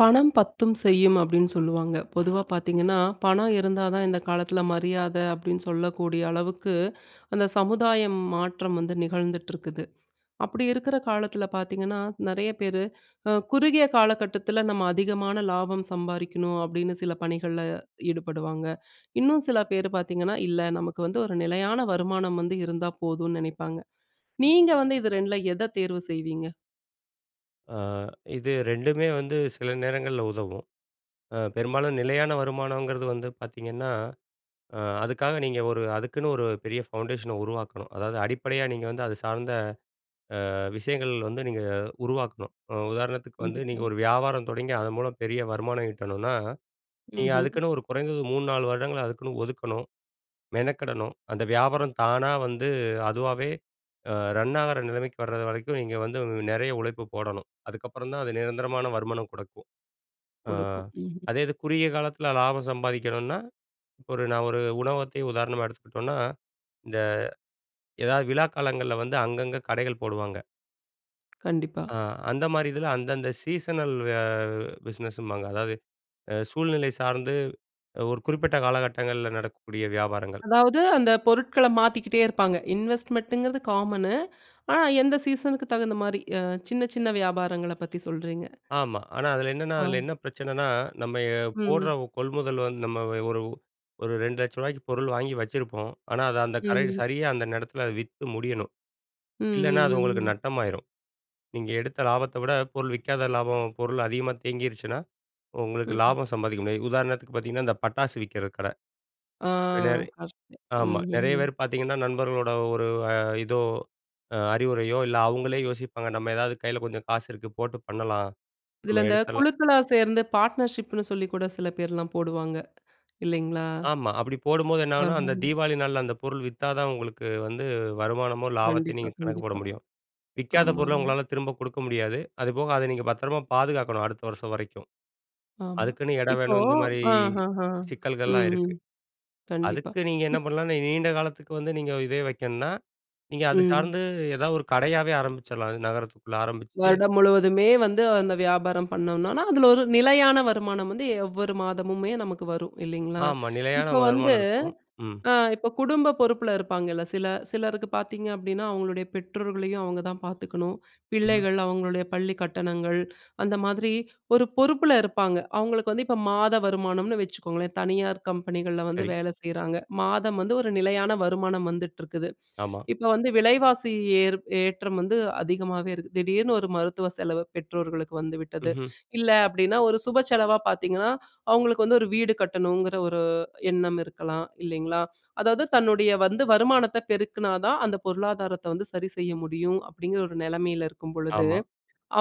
"பணம் பத்தும் செய்யும்" அப்டின்னு சொல்லுவாங்க. பொதுவாப் பார்த்தீங்கன்னா, "பணம் இருந்தாதான் இந்த காலத்ல மரியாத" அப்டின்னு சொல்லக்கூடிய அளவுக்கு அந்த சமுதாயம் மாற்றம் வந்து நிகழ்ந்துட்ருக்குது. அப்டி இருக்குற காலத்துல பாத்தீங்கன்னா, நெறைய பேரு, அ குறுகிய காலகட்டத்துல நம்ம அதிகமான லாபம் சம்பாரிக்கணும் அப்டின்னு சில பணிகள்ல ஈடுபடுவாங்க. இன்னும் சில பேர் பார்த்தீங்கன்னா, இல்ல நமக்கு வந்து ஒரு நிலையான வருமானம் வந்து இருந்தா போதும்னு நினைப்பாங்க. நீங்க வந்து இது ரெண்ட்ல எத தேர்வு செய்வீங்க? ஆ இது ரெண்டுமே வந்து சில நேரங்கள்ல உதவும். அ பெரும்பாலும் நிலையான வருமானம்ங்கிறது வந்து பார்த்தீங்கன்னா, அ அதுக்காக நீங்க ஒரு, அதுக்குன்னு ஒரு பெரிய ஃபவுண்டேஷன உருவாக்கணும். அதாவது, அடிப்படையா நீங்க வந்து அது சார்ந்த அ விஷயங்கள் வந்து நீங்க உருவாக்கணும். ம் உதாரணத்துக்கு வந்து நீங்க கண்டிப்பா. ஒரு வியாபாரம் தொடங்கி அது மூலம் பெரிய வருமானம் ஈட்டனும்னா, நீங்க ம்ஹ்ம். அதுக்குன்னு ஒரு குறைந்தது 3, 4 வருடங்கள் அதுக்குன்னு ஒதுக்கணும், மெனக்கெடணும். அந்த வியாபாரம் தானா வந்து அதுவாவே அ ரன் ஆகுற நிலைமைக்கு வர்றது வரைக்கும் நீங்க வந்து நெறைய உழைப்பு போடணும். அதுக்கப்புறம் தான் அது நிரந்தரமான வருமானம் குடுக்கும். அ குடுக்கும். ம்ஹ்ம். அதே இது குறுகிய காலத்துல லாபம் சம்பாதிக்கணும்னா ஒரு நான் ஒரு உணவகத்தையே உதாரணமா எடுத்துக்கிட்டோம்னா, இந்த ஏதாவது விழா காலங்கள்ல வந்து அங்கங்க கடைகள் போடுவாங்க. கண்டிப்பா. அ அந்த மாரி இதுல அந்தந்த சீசனல் அ பிசினஸ்ஸு ம்பாங்க. அதாவது அ சூழ்நிலை சார்ந்து ஒரு குறிப்பிட்ட காலகட்டங்கள்ல நடக்கக்கூடிய வியாபாரங்கள். அதாவது அந்த பொருட்கள மாத்திக்கிட்டே இருப்பாங்க. இன்வெஸ்ட்மென்ட்ங்குறத காமனு, ஆனா எந்த சீசனுக்கு தகுந்த மாரி, அ சின்ன சின்ன வியாபாரங்கள பத்தி சொல்றீங்க! ஆமா, ஆனா அதுல என்னன்னா, அதுல ஆ. என்ன பிரச்சனன்னா? நம்ம எ போடுற ம். ஒ கொள்முதல் நம்ம ஒரு ஒரு 200000 ரூவாய்க்கு பொருள் வாங்கி வச்சிருப்போம். ஆனா அது அந்த கரை ம். சரியா அந்த ந்த எடத்ல வித்து முடியணும். ம் இல்லனா ம் அது உங்களுக்கு ம். நட்டம் ஆயிரும். நீங்க எடுத்த லாபத்த விட பொருள் விக்காத லாபம், பொருள் அதிகமா தேங்கீர்ச்சுன்னா, உ உங்களுக்கு ம். லாபம் சம்பாதிக்க முடியாது. உதாரணத்துக்கு பாத்தீங்கன்னா, இந்த பட்டாசு விக்கிற கட. ஆ வில கரெக்ட்டு, ஆமா ம் ம் நெறைய ம். பேர் பாத்தீங்கன்னா நண்பர்களோட ஒரு இதோ, அ அறிவுரையோ இல்ல அவுங்களே யோசிப்பாங்க நம்ம ஏதாவது கைல கொஞ்சம் காசு இருக்கு போட்டு பண்ணலாம், இதுல நம்ம இந்த எடுத்தரலாம் குழுக்களா சேர்ந்து பார்ட்னர்ஷிப்னு சொல்லி கூட சில பேர்லாம் போடுவாங்க, இல்லைங்களா? ஆமா அப்டி போடும்போது என்ன ஆகுன்னா, அந்த ஆமங்க. தீபாவளி நாள்ல அந்த பொருள் வித்தாதான் உங்களுக்கு வந்து வருமானமும் லாபத்தையும் கண்டிப்பா நீங்க கணக்கு போட கண்டிப்பா. முடியும். விக்காத ஆமா பொருள ஆமா. உங்களால திரும்ப குடுக்க முடியாது. அது போக அத நீங்க பத்திரமா பாதுகாக்கணும் அடுத்த வருஷம் வரைக்கும். ஆமா, அதுக்குன்னு எடம் இப்போ வேணும் இந்த மாரி அ ஹ ஹ. சிக்கல்கள்லாம் ம் இருக்கு. ம் கண்டிப்பா. அதுக்கு நீங்க என்ன இப் பண்ணலாம்னா நீண்ட காலத்துக்கு வந்து நீங்க இதையே வைக்கணுன்னா, நீங்க அது ம். சார்ந்து எதாவது ஒரு கடையாவே ஆரம்பிச்சிரலாம். அதும் நகரத்துக்குள்ள ஆரம்பிச்சு வருடம் முழுவதுமே வந்து அந்த வியாபாரம் பண்ணோன்னா, அதுல ஒரு நிலையான வருமானம் வந்து எவ்வொரு மாதமுமே நமக்கு வரும் இல்லைங்களா? ஆமா, நிலையான இப்போ வந்து வருமானம் இருக்கும். ம்! அ இப்போ குடும்ப பொறுப்புல இருப்பாங்கல்ல, சில சிலருக்கு பாத்தீங்க அப்டின்னா, அவுங்களுடைய பெற்றோர்களையும் அவுங்கதான் பாத்துக்கணும், [unintelligible] பிள்ளைகள், அவுங்களுடைய பள்ளிக் கட்டணங்கள், அந்த மாதிரி ஒரு பொறுப்புல இருப்பாங்க. அவுங்களுக்கு வந்து இப்போ மாத வருமானம்னு வச்சுக்கோங்களேன், தனியார் கம்பெனிகள்ல வந்து சரி. வேல செய்றாங்க. மாதம் வந்து ஒரு நிலையான வருமானம் வந்துட்ருக்குது. ஆமா. இப்போ வந்து விலைவாசி ஏறு ஏற்றம் வந்து அதிகமாவே இருக்கு. திடீர்னு ஒரு மருத்துவ செலவு பெற்றோர்களுக்கு வந்துவிட்டது. ம்ஹ்ம். இல்ல அப்டின்னா ஒரு சுப செலவா பாத்தீங்கன்னா, அவுங்களுக்கு வந்து ஒரு வீடு கட்டணுங்கிற ஒரு எண்ணம் இருக்கலாம் இல்லைங்களா? அதாவது தன்னுடைய வந்து வருமானத்த பெருக்குனாதான் அந்த பொருளாதாரத்த வந்து சரி செய்ய முடியும். அப்டிங்கிற ஒரு நெலமைல இருக்கும் பொழுது, ஆமா.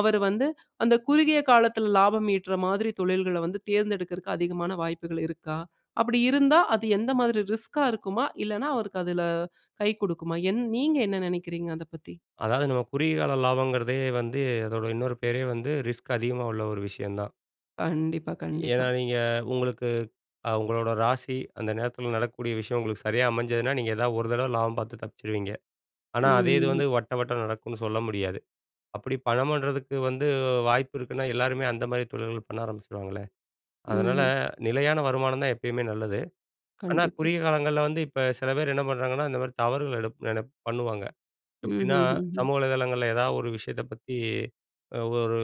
அவரு வந்து அந்த குறுகிய காலத்துல லாபம் ஈட்டு ற மாதிரி தொழில்கள வந்து தேர்ந்தெடுக்கறக்கு அதிகமான வாய்ப்புகள் இருக்கா? அப்டி இருந்தா அது எந்த மாதிரி ரிஸ்க்கா இருக்குமா? இல்லன்னா அவருக்கு அதுல கை குடுக்குமா? என் நீங்க என்ன நெனைக்கிறீங்க அத பத்தி? அதாவது நம்ம குறுகிய கால லாபங்குறதே வந்து, அதோட இன்னொரு பேரே வந்து ரிஸ்க் அதிகமா உள்ள ஒரு விஷயந்தான். கண்டிப்பா, ஏன்னா, கண்டிப்பா. நீங்க உங்களுக்கு அ உங்களோட ராசி அந்த நேரத்துல நடக்கக்கூடிய விஷயம் உங்களுக்கு சரியா அமைஞ்சதுன்னா, நீங்க ஏதாவது ஒரு தரவ லாபம் பாத்து தப்ச்சுருவீங்க. ஆனா, அதே இது வந்து ம். வட்ட, வட்ட நடக்குன்னு சொல்ல முடியாது. அப்படி பணம் பன்றதுக்கு வந்து அ வாய்ப்பு இருக்குன்னா, எல்லாருமே அந்த மாதிரி தொழில்கள பண்ண ஆரம்பிச்சுருவாங்களே! அதுனால, ம்ஹ்ம். நிலையான வருமானம் தான் எப்பயுமே நல்லது, ஆனா கண்டிப்பா. குறுகிய காலங்கள்ல வந்து இப்ப சில பேர் என்ன பண்றாங்கன்னா, இந்த மாதிரி தவறுகள் எடுப் நெனப் பண்ணுவாங்க. எப்படின்னா, ம்ஹ்ஹுஹும். சமூக வலைதளங்கள்ல ஏதாவது ஒரு விஷயத்த பத்தி “ஒரு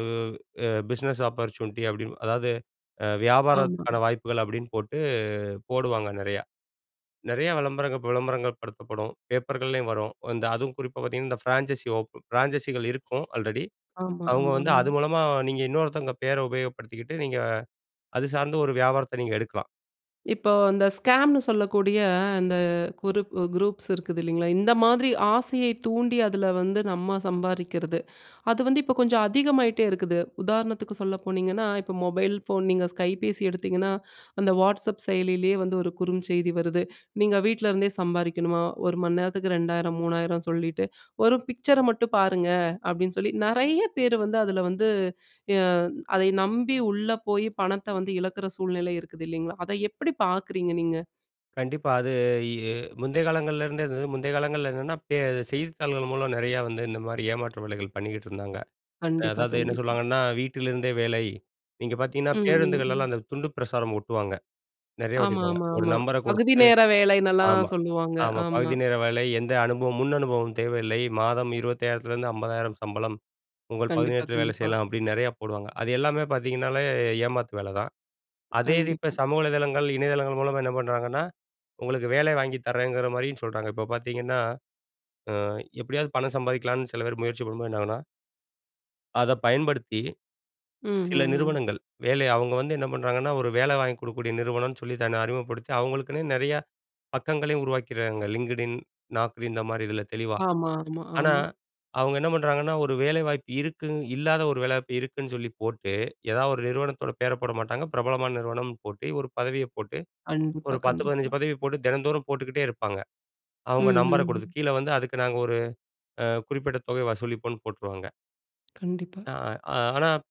எ பிஸ்னஸ் ஆப்பர்ச்சுனிட்டி,” அப்டின்னு, அதாவது அ ஆமா. வியாபாரத்துக்கான வாய்ப்புகள் அப்புடின்னு போட்டு போடுவாங்க, நெறையா. நெறைய விளம்பரங்கள் விளம்பரங்கள் படுத்தப்படும் பேப்பர்கள்லயும் வரும். அந்த அதுவும் குறிப்பா பாத்தீங்கன்னா, "இந்த ஃபிரான்ச்சசி ஓப் ஃபிரான்ச்சஸிகள் இருக்கும், ஆல்ரெடி ஆமா, அவுங்க வந்து அது ஆமாங்க. மூலமா நீங்க இன்னொருத்தங்க பெயர உபயோகப்படுத்திக்கிட்டு," நீங்க அது சார்ந்த ஒரு வியாபாரத்த நீங்க எடுக்கலாம். இப்போ அந்த ஸ்கேம்ன்னு சொல்லக்கூடிய அந்த குரூப்பு குரூப்ஸ் இருக்குது இல்லைங்களா, இந்த மாதிரி ஆசையை தூண்டி அதுல வந்து நம்ப சம்பாரிக்கிறது, அது வந்து இப்போ கொஞ்சம் அதிகமாயிட்டே இருக்குது. உதாரணத்துக்கு சொல்ல போனீங்கன்னா, இப்போ மொபைல் ஃபோன் நீங்க கைபேசி எடுத்தீங்கன்னா, அந்த வாட்ஸ்அப் செயலியிலயே வந்து ஒரு குறுஞ்செய்தி வருது. “நீங்க வீட்ல இருந்தே சம்பாரிக்கணுமா? ஒரு மணி நேரத்துக்கு 2000, 3000” சொல்லிட்டு, “ஒரு பிக்சர மட்டும் பாருங்க,” அப்டீன்னு சொல்லி நெறைய பேர் வந்து அதுல வந்து எ அதை நம்பி உள்ள போயி, பணத்த வந்து இழக்கிற சூழ்நிலை இருக்குது, இல்லைங்களா? அத எப்படி பாக்குறீங்க நீங்க? கண்டிப்பா, அது எ முந்தைய காலங்கள்லருந்தே, அது முந்தைய காலங்கள்ல என்னான்னா, பே செய்தித்தாள்கள் மூலம் நிறையா வந்து இந்த மாரி ஏமாற்று வேலைகள் பண்ணிக்கிட்டு இருந்தாங்க. கண்டிப்பா, அதாவது, என்ன கண்டிப்பா. சொல்லுவாங்கன்னா, “வீட்டிலிருந்தே வேலை!” நீங்க பாத்தீங்கன்னா, ம், ம், பேருந்துகள்லலாம் ம். அந்த துண்டு பிரசாரம் ஓட்டுவாங்க, நிறையா ஆமா, ஓட்டிருப்பாங்க, ஆமா, ஒரு ஆமா. நம்பரை பகுதி குடுத்துட்டு. நேர வேலைனெல்லாம் ஆமா, சொல்லுவாங்க. ஆமா. ஆமா. “பகுதி நேர வேலை, எந்த அனுபவம் முன் அனுபவம் தேவையில்லை, மாதம் 25,000த்துலருந்து 50,000 சம்பளம், உங்கள் பகுதி கண்டிப்பா, நேரத்தில வேலை கண்டிப்பா. செய்யலாம்,” அப்படின்னு நிறையா போடுவாங்க. அது எல்லாமே பாத்தீங்கன்னாலே ஏமாத்து வேலதான். அதே இது இப்போ கண்டிப்பா. சமூக வலைதளங்கள், இணையதளங்கள் மூலமா என்ன பண்றாங்கன்னா, உங்களுக்கு வேலை வாங்கிதரேங்கிற மாரியும் சொல்றாங்க. இப்ப பாத்தீங்கன்னா, அ எப்படியாவது பணம் சம்பாதிக்கலான்னு சில பேர் முயற்சி பண்ணும்போது, என்னாகுன்னா அத பயன்படுத்தி சில ம்ஹ்ஹும். நிறுவனங்கள் வேலை அவுங்க வந்து என்ன பண்றாங்கன்னா, ஒரு வேலை வாங்கிக் குடுக்கக்கூடிய நிறுவனன்னு சொல்லி தன்னை அறிமுகப்படுத்தி, அவங்களுக்குன்னே நிறைய பக்கங்களையும் உருவாக்கிறாங்க LinkedIn, Naukri இந்த மாரி இதில தெளிவா. ஆமா, ஆமா, ஆனா, ஆமா. அவுங்க என்ன பண்றாங்கன்னா, ஒரு வேலைவாய்ப்பு இருக்கு. இல்லாத ஒரு வேலை வாய்ப்பு இருக்குன்னு சொல்லி போட்டு, எதாவது ஒரு நிறுவனத்தோட பேர போட மாட்டாங்க, பிரபலமான நிறுவனம்ன்னு போட்டு, ஒரு பதவிய போட்டு, கண்டிப்பா, ஒரு 10 கண்டிப்பா. 15 பதவி போட்டு தினந்தோறும் போட்டுக்கிட்டே இருப்பாங்க. அவுங்க நம்பரை குடுத்து ம்ஹ்ஹும். கீழே வந்து, அதுக்கு நாங்க ஒரு அ குறிப்பிட்ட தொகைய வசூலிப்போம்ன்னு போட்டுருவாங்க. கண்டிப்பா. அ ஆனா ப்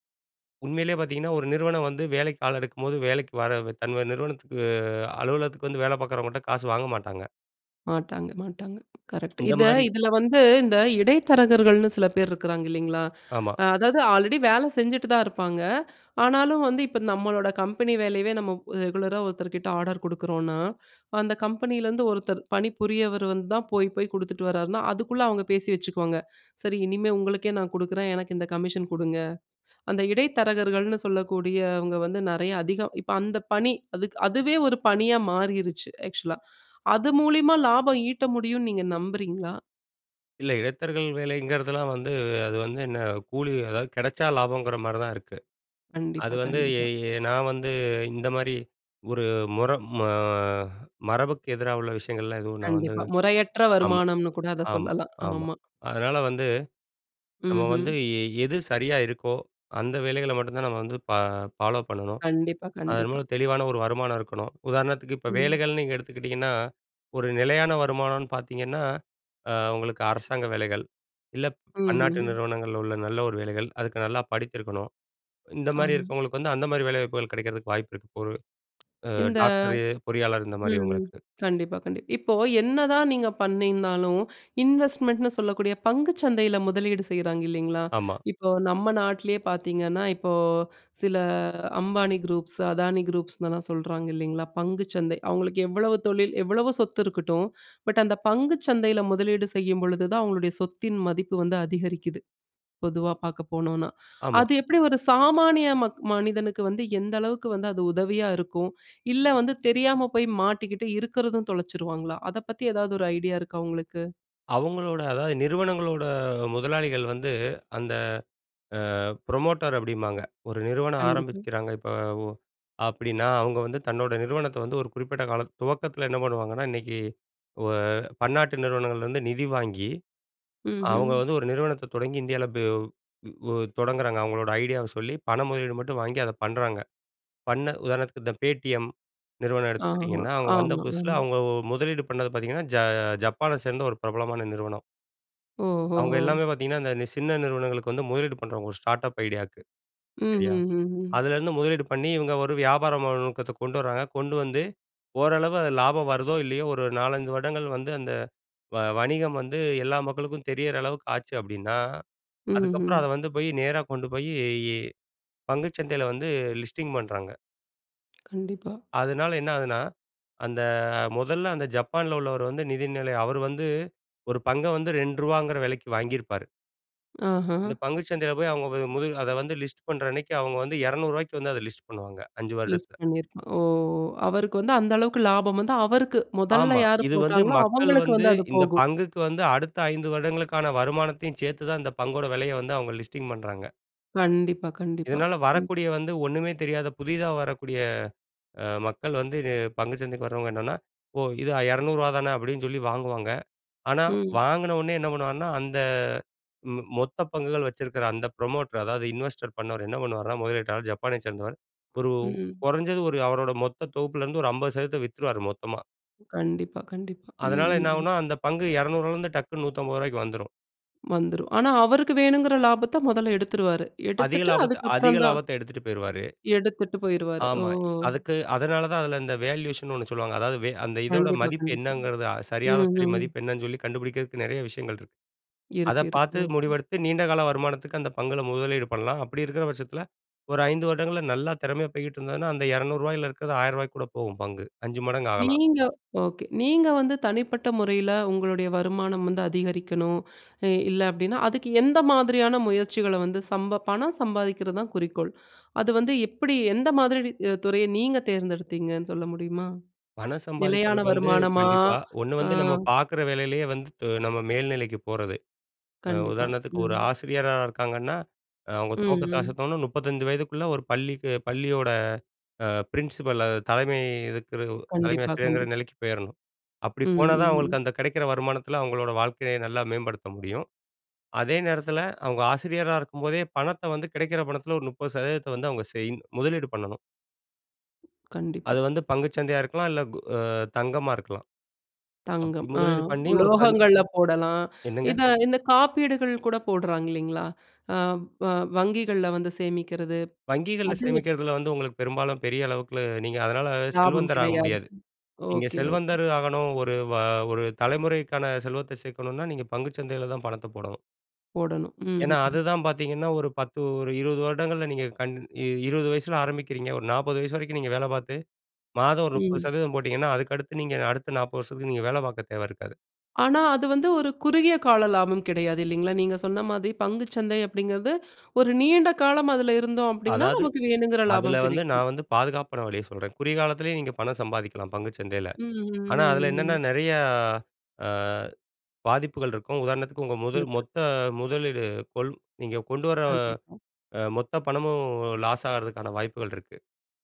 உண்மையிலேயே பாத்தீங்கன்னா ஒரு நிறுவனம் வந்து வேலைக்கு ஆள் எடுக்கும் போது வேலைக்கு வர தன்னோட நிறுவனத்துக்கு, அலுவலகத்துக்கு வந்து வேல பாக்குறவங்ககிட்ட காசு வாங்க மாட்டாங்க. மாட்டாங்க, மாட்டாங்க. கரெக்ட்டு. இந்த இத மாரி. இதுல வந்து இந்த இடைத்தரகர்கள்னு சில பேர் இருக்குறாங்க இல்லேங்களா? ஆமா. அதாவது ஆல்ரெடி வேல செஞ்சுட்டு தான் இருப்பாங்க. ஆனாலும் வந்து இப்ப நம்மளோட கம்பெனி வேலையவே நம்ம ரெகுலரா ஒருத்தர்கிட்ட ஆர்டர் குடுக்கிறோன்னா அந்த கம்பெனில இருந்து ஒருத்தர் பணிபுரியவர் வந்து தான் போய் போய் குடுத்துட்டு வர்றார்னா, அதுக்குள்ள அவங்க பேசி வச்சுக்குவாங்க. சரி இனிமே உங்களுக்கே நான் குடுக்றேன் எனக்கு இந்த கமிஷன் கொடுங்க. அந்த இடைத்தரகர்கள்னு சொல்லக்கூடியவங்க வந்து நிறைய அதிகோ இப்ப அந்த பணி, அதுக்கு அதுவே ஒரு பணியா மாறிடுச்சு ஆக்ஸூலா. அது மூலியமா லாபம் ஈட்ட முடியும்னு நீங்க நம்புறீங்களா? இல்ல இடைத்தரகர்கள் வேலைங்கிறதுலாம் வந்து அது வந்து என்ன கூலி அதாவது கெடைச்சா லாபம்ங்கிற மாரிதான் இருக்கு. அது கண்டிப்பா, வந்து, எ கண்டிப்பா. எ நான் வந்து, இந்த மாரி ஒரு முர ம மரபுக்கு எதிரா உள்ள விஷயங்கள்லாம் எதுவும் நான் வந்து கண்டிப்பா. முறையற்ற ஆமா, வருமானம்னு கூட அத ஆமா, சொல்லலாம். ஆமா. ஆமா. அதனால வந்து நம்ம ம்ஹ்ம். வந்து எது சரியா இருக்கோ அந்த வேலைகள மட்டும் தான் நம்ம வந்து பா ஃபாலோப் பண்ணனும். கண்டிப்பா, அதன் கண்டிப்பா. மூலம் தெளிவான ஒரு வருமானம் இருக்கணும். உதாரணத்துக்கு இப்ப ம். வேலைகள்னு நீங்க எடுத்துக்கிட்டீங்கன்னா ஒரு நிலையான வருமானம்னு பார்த்தீங்கன்னா, அ உங்களுக்கு அரசாங்க வேலைகள். இல்ல பன்னாட்டு ம்ஹ்ம். நிறுவனங்கள்ல உள்ள நல்ல ஒரு வேலைகள், அதுக்கு நல்லா படிச்சிருக்கணும். இந்த மாரி ஆமா. இருக்கவங்களுக்கு வந்து அந்த மாரி வேலைவாய்ப்புகள் கிடைக்கிறதுக்கு வாய்ப்பு இருக்கு ஒரு அ இந்த டாக்டரு, பொறியாளர் இந்தமாரி ம், ம். அவுங்களுக்கு. கண்டிப்பா, கண்டிப்பா. இப்போ என்னதான் நீங்க பண்ணிங்க இருந்தாலும் இன்வெஸ்ட்மென்ட்னு சொல்லக்கூடிய பங்குச் சந்தையில முதலீடு செய்றாங்க இல்லேங்களா? ஆமா. இப்போ நம்ம நாட்லேயே பார்த்தீங்கன்னா, இப்போ சில அம்பானி குரூப்ஸ், அதானி குரூப்ஸ்னுலாம் சொல்றாங்க இல்லேங்களா பங்குச் சந்தை. அவுங்களுக்கு எவ்வளவு தொழில் எவ்வளவு சொத்து இருக்கட்டும். பட் அந்த பங்குச் சந்தையில முதலீடு செய்யும் பொழுது தான், அவுங்களுடைய சொத்தின் மதிப்பு வந்து அதிகரிக்குது, பொதுவா பார்க்கப்போனுனா ஆமா. அது எப்பிடி ஒரு சாமானிய மக் மனிதனுக்கு வந்து எந்த அளவுக்கு வந்து அது உதவியா இருக்கும் இல்ல வந்து தெரியாம போய் மாட்டிக்கிட்டு இருக்கிறதும் தொலைச்சுருவாங்களா? அத பத்தி எதாவது ஒரு ஐடியா இருக்கா உங்களுக்கு? அவங்களோட, அதாவது நிறுவனங்களோட முதலாளிகள் வந்து அந்த அ ப்ரமோட்டர் அப்டிம்பாங்க. ஒரு நிறுவனம் கண்டிப்பா. ஆரமிக்கிறாங்க இப்ப உ அப்டீன்னா, அவங்க வந்து தன்னோட நிறுவனத்த வந்து ஒரு குறிப்பிட்ட காலத் துவக்கத்துல என்ன பண்ணுவாங்கன்னா, இன்னைக்கு ஓ பன்னாட்டு நிறுவனங்கள்ல இருந்து நிதி வாங்கி, அவங்க ம்ஹ்ம். வந்து ஒரு நிறுவனத்த தொடங்கி இந்தியாவுல [unintelligible] தொடங்குறாங்க. அவர்களோட ஐடியாவ சொல்லி பண முதலீடு மட்டும் வாங்கி அத பண்றாங்க. பண்ண உதாரணத்திற்கு இந்த Paytm நிறுவனம் ஆமா, எடுத்துக்கிட்டீங்கன்னா, அவங்க வந்த புதுசுல ஆமாங்க. அவங்க முதலீடு பண்ணது பாத்தீங்கன்னா, ஜ ஜப்பான சேர்ந்த ஒரு பிரபலமான நிறுவனம். அவங்க ஓஹோஹோ! எல்லாமே பாத்தீங்கன்னா, அந்த நி சின்ன நிறுவனங்களுக்கு வந்து முதலீடு பண்ணுறவங்க, ஒரு ஸ்டார்டப் ஐடியாவுக்கு சரியா. ம்ஹ்ஹுஹும். அதுலேருந்து முதலீடு பண்ணி இவங்க ஒரு வியாபார நோக்கத்த கொண்டு வராங்க, கொண்டு வந்து ஓரளவு அதுல லாபம் வருதோ, இல்லயோ ஒரு 4, 5 வருடங்கள் வந்து அந்த வ வணிகம் வந்து எல்லா மக்களுக்கும் தெரியற அளவுக்கு ஆச்சு அப்டீன்னா, ம்ஹ்ம். அதுக்கப்புறம் அத வந்து போய் நேரா கொண்டு போய் பங்குச் சந்தையில வந்து லிஸ்டிங் பண்றாங்க. கண்டிப்பா. அதுனால என்ன ஆகுதுனா, அந்த மொதல அந்த ஜப்பான்ல உள்ளவர் வந்து நிதிநிலைய அவர் வந்து ஒரு பங்க வந்து ரூ. 2ங்குற விலைக்கு வாங்கிருப்பாரு. அஹ. இந்த பங்கு சந்தைல போயி, அவுங்க போய், முது அத வந்து லிஸ்ட் பண்றன்னைக்கு, அவுங்க வந்து ரூ. 200 ரூவாய்க்கு வந்து அத லிஸ்ட் பண்ணுவாங்க, 5 லிஸ்ட் வருடத்துல. பண்ணிருப்பான். ஓ! அவருக்கு வந்து அந்த அளவுக்கு லாபம் வந்து, அவருக்கு, முதல்ல ஆமா, யாரு இது வந்து போட்டாங்களோ மக்கள் அவங்களுக்கு வந்து வந்து அது இந்த போகும்! பங்குக்கு வந்து, அடுத்த 5 வருடங்களுக்கான வருமானத்தையும் சேத்து தான், இந்த பங்கோட விலைய வந்து அவுங்க லிஸ்டிங் பண்றாங்க. கண்டிப்பா, கண்டிப்பா! இதனால ம். வரக்கூடிய வந்து, ஒண்ணுமே தெரியாத புதிதா வரக்கூடிய அ மக்கள் வந்து, இது பங்கு சந்தைக்கு வரவங்க என்னன்னா, “ஓ, இது அ ரூ. 200 ரூவா தான” அப்படின்னு சொல்லி வாங்குவாங்க, ஆனா ம். வாங்குனோன்னயே என்ன பண்ணுவாங்கன்னா, அந்த மொ மொத்த பங்குகள் வச்சிருக்கிற அந்த ப்ரமோட்டர், அதாவது இன்வெஸ்ட் பண்ணவர் என்ன பண்ணுவார்னா, முதலீட்டாளர் ஜப்பானைச் சேர்ந்தவர், ஒரு ம். குறைஞ்சது ஒரு அவரோட மொத்த தொகுப்புல இருந்து ஒரு 50% சதவீதத்த வித்துருவாரு, மொத்தமா. கண்டிப்பா, கண்டிப்பா. ம், அதனால என்ன ம்ஹ்ம். ஆகுன்னா அந்த பங்கு ரூ.200 ரூவாலருந்து டக்குனு ரூ.150 ரூவாய்க்கு வந்துரும். வந்துரும். ஆனா அவருக்கு வேணுங்குற லாபத்த முதல்ல எடுத்துருவாரு. அதிக எடுத்துட்டு லாபத்த அதிக அதுக்கப்புறம் தான். லாபத்த எடுத்துட்டு போய்ருவாரு. எடுத்துட்டு போயிருவாரு. ஓ! ஆமா, இ அதுக்கு, அதனால தான் அதுல இந்த வேல்யூஷன்ன்னு ஒண்ணு சொல்லுவாங்க, அதாவது வே அந்த இதோட கண்டிப்பா, மதிப்பு கண்டிப்பா! என்னங்கிறது, அ சரியான, ம், சரி ம். மதிப்பு என்னன்னு சொல்லி கண்டுபிடிக்கிறக்கு நெறைய விஷயங்கள் இருக்கு. அத இருக்கு பாத்து, இருக்குங்க. ஓகே. முடிவெடுத்து, நீண்டகால வருமானத்துக்கு அந்த பங்குல முதலீடு பண்லாம். அப்படி இருக்குற பட்சத்தில, ஒரு 5 வருடங்கள்ல நல்லா திறமையா போய்கிட்டு இருந்ததுனா, அந்த ரூ. 200 ரூவாயில இருக்குறது ரூ. 1000 ரூவாய்க்கு கூட போகும், பங்கு. 5 மடங்கு ஆகலாம். நீங்க ஓகே. நீங்க வந்து தனிப்பட்ட முறைல உங்களுடைய வருமானம் வந்து அதிகரிக்கனும், இ இல்ல அப்படின்னா, அதுக்கு எந்த மாதிரியான முயற்சிகள வந்து சம்ப பணம் சம்பாதிக்கிறது தான் குறிக்கோள், அது வந்து எப்புடி, எந்த மாதிரி நீ அ துறைய நீங்க தேர்ந்தெடுத்தீங்கன்னு சொல்ல முடியுமா? பணம் நிலையான சம்பாதிக்கிறதுக்கு வந்து வருமானமா? கண்டிப்பா, ஒண்ணு அ. வந்து நம்ம பாக்குற வேலைலயே வந்து து நம்ம மேல்நிலைக்கு போறது, அ கண்டிப்பா, உதாரணத்துக்கு ஒரு ம். ஆசிரியரா இருக்காங்கன்னா, அவுங்க ம், துவக்கத்த ம். அசத்தோன்னா 35 வயதுக்குள்ள ஒரு பள்ளிக்கு பள்ளியோட அ பிரின்சிபல், அ தலைமை இருக்கிற தலைமை கண்டிப்பா, ஆசிரியர்ங்கிற கண்டிப் நெலைக்கு போயிறணும். அப்படி ம், போனா ஹ், தான் ம். அவுங்களுக்கு அந்த கிடைக்கிற வருமானத்துல அவுங்களோட வாழ்க்கைய நல்லா மேம்படுத்த முடியும். அதே நேரத்துல, அவுங்க ஆசிரியரா இருக்கும்போதே, பணத்த வந்து கிடைக்கிற பணத்தில ஒரு 30% சதவீதத்த வந்து அவுங்க செய் முதலீடு பண்ணணும். அது கண்டிப்பா. வந்து பங்குச்சந்தையா இருக்கலாம், அ இல்ல கோ தங்கமா இருக்கலாம். அப்படி தங்கம். அ முதலீடு பண்ணி ஒரு பங்கு. உலோகங்கள்ல போடலாம். என்னங்க? இத இந்த காப்பீடுகள் கூட போடுறாங்க இல்லீங்களா? அ வ வங்கிகள்ல வந்து சேமிக்கிறது, வங்கிகள்ல அது சேமிக்கறதுல வந்து உங்களுக்கு பெரும்பாலும் பெரிய அளவுக்கு, நீங்க அதனால லாபம் செல்வந்தராக கிடையாது. முடியாது. நீங்க ஓகே, ஓகே. செல்வந்தரு ஆகணும், ஒரு வ ஒரு தலைமுறைக்கான செல்வத்த சேர்க்கணுன்னா நீங்க பங்குச்சந்தைல தான் பணத்த போடணும். போடணும். ஏன்னா, ம்ஹ்ம். அதுதான் பாத்தீங்கன்னா ஒரு 10, ஒரு 20 வருடங்கள்ல நீங்க கன் 20 வயசுல ஆரம்பிக்கறீங்க, ஒரு 40 வயசு வரைக்கும் நீங்க வேல பார்த்து, மாதம் ஒரு முப்பது ம். சதவீதம் போட்டிங்கன்னா அதுக்கடுத்து நீங்க, அடுத்த 40 வருஷத்துக்கு நீங்க வேல பாக்க தேவ இருக்காது. ஆனா, அது வந்து ஒரு குறுகிய கால லாபம் கிடையாது இல்லீங்களா? நீங்க சொன்ன மாரி பங்குச்சந்தை அப்டிங்கிறது, ஒரு நீண்ட காலம் அதுல இருந்தோம் அப்படினா அதாவது, நமக்கு வேணுங்கற அதுல லாபம் வந்து கிடைக்கும். நான் வந்து பாதுகாப்பான வழிய சொல்றேன். குறுகிய காலத்துலயும் நீங்க பணம் சம்பாதிக்கலாம் பங்குச்சந்தைல. ம், ம், ஆனா, அதுல ம், என்னென்ன ம். நெறையா அ பாதிப்புகள் இருக்கும், உதாரணத்துக்கு உங்க முதல் இருக்கு. மொத்த முதலீடு கொல் நீங்க கொண்டு வர கண்டிப்பா. அ மொத்த பணமும் லாஸ் ஆகுறதுக்கான வாய்ப்புகள் இருக்கு.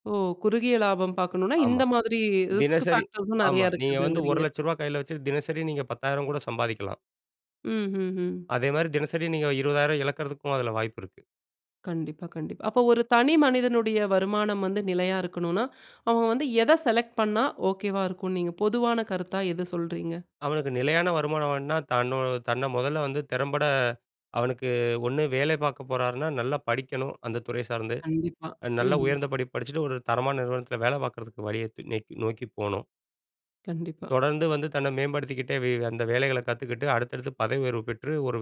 ஓ! குறுகிய லாபம் பாக்கணும்னா ஆமா. இந்த மாதிரி, ரிஸ்க் தினசரி ஃபேக்டர்ஸும் ஆமா. நெறைய நீங்க வந்து ஒரு இருக்குதுங்கறீங்க. லட்சம் ரூபா கைல வச்சுட்டு தினசரி நீங்க 10,000 கூட சம்பாதிக்லாம். ம்ஹ்ஹ்ம். அதேமாரி தினசரி நீங்க ஒரு 20,000 இழக்கிறதுக்கும் அதுல வாய்ப்பு இருக்கு. கண்டிப்பா, கண்டிப்பா. அப்ப ஒரு தனி மனிதனுடைய வருமானம் வந்து நிலையா இருக்கணுனா அவன் வந்து எத செலக்ட் பண்னா ஓகேவா இருக்கும் நீங்க பொதுவான கருத்தா எத சொல்றீங்க? அவனுக்கு நிலையான வருமானம் வேணும்னா தன்னோ தன்ன முதல்ல வந்து திறம்பட அவனுக்கு ஒண்ணு வேலை பார்க்கப் போறார்ன்னா நல்லா படிக்கணும், அந்த துறை சார்ந்து. கண்டிப்பா. அ நல்லா ம்ஹ்ம். உயர்ந்தபடிப்பு படிச்சுட்டு ஒரு தரமான நிறுவனத்தில வேல பாக்கறதுக்கு வழிய தே நேக்கி நோக்கி போணும். கண்டிப்பா. தொடர்ந்து வந்து தன்ன மேம்படுத்திக்கிட்டே வே அந்த வேலைகள கத்துக்கிட்டு அடுத்தடுத்து பதவி உயர்வு பெற்று ஒரு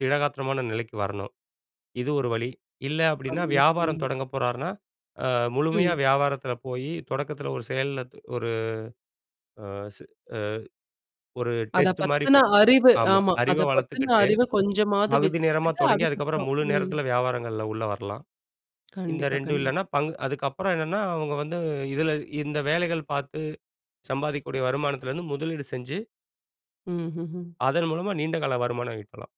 திடகாத்திரமான நிலைக்கு வரணும். இது ஒரு வழி. இல்ல அப்டின்னா அதுவு வியாபாரம் [unintelligible] தொடங்க போறார்ன்னா, ஆ முழுமையா ம். வியாபாரத்தில போய் தொடக்கத்தில ஒரு செயல்ல து ஒரு ஆ சு ஆ ஒரு அத டெஸ்ட்டு மாரி பத்தின வச்சு பன் அறிவு ஆமா. ஆமா. அறிவ அத பத்தின வளத்துக்கிட்டு அறிவு கொஞ்சமாது பகுதி நேரமா வெச்சுக்கிட்டு தொடங்கி, அதுக்கப்புற அதுக்கப்புறம். முழு ம். நேரத்தில வியாபாரங்கள்ல உள்ள வரலாம். இந்த கண்டிப்பா, 2டும் இல்லனா கண்டிப்பா. பங்கு அதுக்கப்புற என்னனா அவங்க வந்து இதுல இந்த வேலைகள் பார்த்து சம்பாதிக்கூடிய வருமானத்தில இருந்து முதலீடு செஞ்சு. ம்ஹ்ஹ்ம். அதன் மூலமா நீண்டகால வருமான ஈட்டலாம்.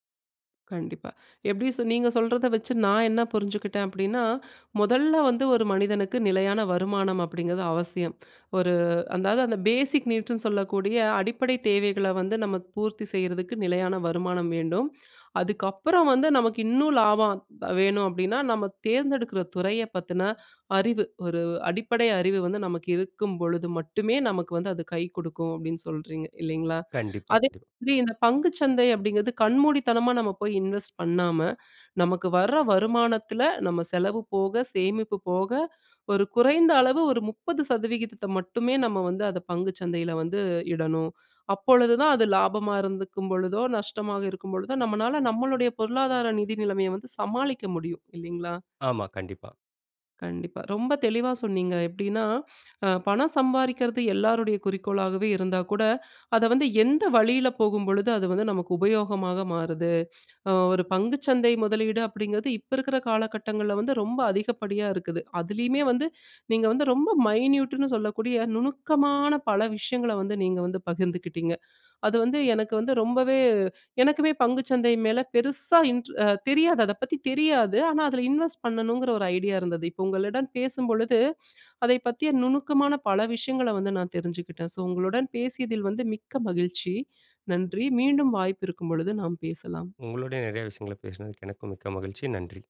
கண்டிப்பா. எப்படி சொன்னீங்க? நீங்க சொல்றத வச்சு நான் என்ன புரிஞ்சுக்கிட்டேன் அப்படீன்னா, "மொதல்ல வந்து ஒரு மனிதனுக்கு நிலையான வருமானம் அப்படீங்கிறது அவசியம். ஒரு அதாவது, அந்த பேசிக் நீட்ஸ்ன்னு சொல்லக்கூடிய அடிப்படை தேவைகள வந்து, நமக்கு பூர்த்தி செய்றதுக்கு நிலையான வருமானம் வேண்டும். அதுக்கப்பறம் வந்து நமக்கு இன்னும் லாபம் ப வேணும் அப்படீன்னா, நம்ம தேர்ந்தெடுக்குற துறைய பத்துன அறிவு. ஒரு அடிப்படை அறிவு வந்து நமக்கு இருக்கும்பொழுது மட்டுமே, நமக்கு வந்து அது கை குடுக்கும்." அப்படீன்னு சொல்றீங்க இல்லைங்ளா? கண்டிப்பா, அதே கண்டிப்பா. மாதிரி இந்த பங்கு சந்தை அப்படீங்கிறது, கண்மூடித்தனமா நம்ம போய் இன்வெஸ்ட் பண்ணாம, நமக்கு வர வருமானத்துல நம்ம செலவு போக, சேமிப்பு போக, ஒரு குறைந்த அளவு ஒரு 30%த்த மட்டுமே, நம்ம வந்து அதை பங்கு சந்தையில வந்து இடணும். அப்பொழுது தான், அது லாபமா இருந்துக்கும்பொழுதோ, நஷ்டமாக இருக்கும்பொழுதோ நம்மனால நம்மளுடைய பொருளாதார நிதி நிலமைய வந்து சமாளிக்க முடியும், இல்லைங்ளா? ஆமா. கண்டிப்பா. கண்டிப்பா. ரொம்ப தெளிவா சொன்னீங்க. எப்படீன்னா, அ பணம் சம்பாறிக்கறது எல்லாருடைய குறிக்கோளாகவே இருந்தா கூட, அத வந்து எந்த வழியில போகும்பொழுது அது வந்து நமக்கு உபயோகமாக மாறுது? அ ஒரு பங்கு சந்தை முதலீடு அப்படீங்கிறது இப்ப இருக்கற காலகட்டங்கள்ல வந்து, ரொம்ப அதிகப்படியா இருக்குது. அதுலேயுமே வந்து நீங்க வந்து ரொம்ப மைன்யூட்டுன்னு சொல்லக்கூடிய நுணுக்கமான பல விஷயங்கள வந்து நீங்க வந்து பகிர்ந்துக்கிட்டீங்க. அது வந்து எனக்கு வந்து ரொம்பவே எனக்குமே பங்கு சந்தை மேல பெருசா இன்ட் தெரியாது, அத பத்தி தெரியாது. ஆனா அதுல இன்வெஸ்ட் பண்ணணுங்கற ஒரு ஐடியா இருந்தது. இப்ப உங்களிடம் பேசும்பொழுது அதை பத்திய நுணுக்கமான பல விஷயங்கள வந்து நான் தெரிஞ்சுக்கிட்டேன். ஸோ, உங்களுடன் பேசியதில் வந்து மிக்க மகிழ்ச்சி. நன்றி. மீண்டும் வாய்ப்பு இருக்கும்பொழுது, நாம் பேசலாம். உங்களோடே நெறைய விஷயங்கள பேசினதுக்கு எனக்கும் மிக்க மகிழ்ச்சி. நன்றி.